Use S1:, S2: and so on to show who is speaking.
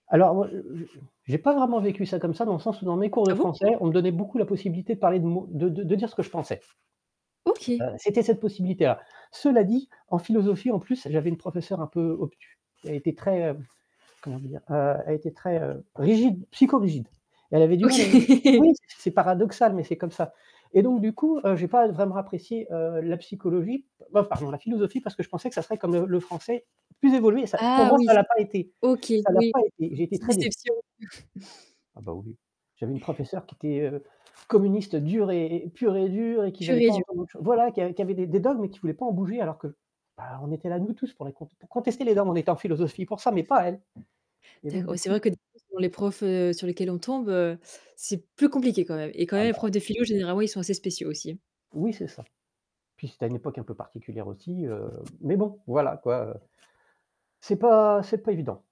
S1: Alors moi je je je j'ai pas vraiment vécu ça comme ça, dans le sens où dans mes cours de
S2: Ah bon?
S1: français, on me donnait beaucoup la possibilité de parler de mo de de dire ce que je pensais.
S2: OK!
S1: Heu, c'était cette possibilité là. Cela dit, en philosophie en plus, j'avais une professeur un peu obtus. Elle était très, heu, comment dire? Heu, elle était très, heu, rigide, psychorigide! Elle avait du mal avec
S2: OK.
S1: oui! C'est paradoxal mais c'est comme ça. Et donc du coup, heu, j'ai pas vraiment apprécié, heu, la psychologie, oh pardon, la philosophie parce que je pensais que ça serait comme le le français, plus évolué et ça pour
S2: Ah
S1: moi
S2: oui.
S1: ça l'a pas été
S2: OK,
S1: ça l'a
S2: oui.
S1: pas été, j'ai été
S2: Petite
S1: très déçu.
S2: déception.
S1: Ah bah oui. J'avais une professeur qui était, heu, communiste dure et et pure et dure, et qui
S2: Pure
S1: voulait
S2: et
S1: pas
S2: dure.
S1: entendre autre chose voilà qui a qui avait des des dogmes mais qui voulait pas en bouger alors que, bah on était là nous tous pour les con pour
S2: Mmh.
S1: contester les dogmes, on était en philosophie pour ça mais pas elle. Et
S2: Ta
S1: donc du
S2: ouais c'est
S1: coup
S2: vrai
S1: j
S2: que [unintelligible] les profs, heu, sur lesquels on tombe, heu, c'est plus compliqué quand même. Et quand
S1: Ah
S2: même les
S1: bah.
S2: profs de philo généralement, ils sont assez spéciaux aussi.
S1: Oui c'est ça. Puis c'était à une époque un peu particulière aussi, heu, mais bon voilà quoi, heu C'est pas c'est pas évident.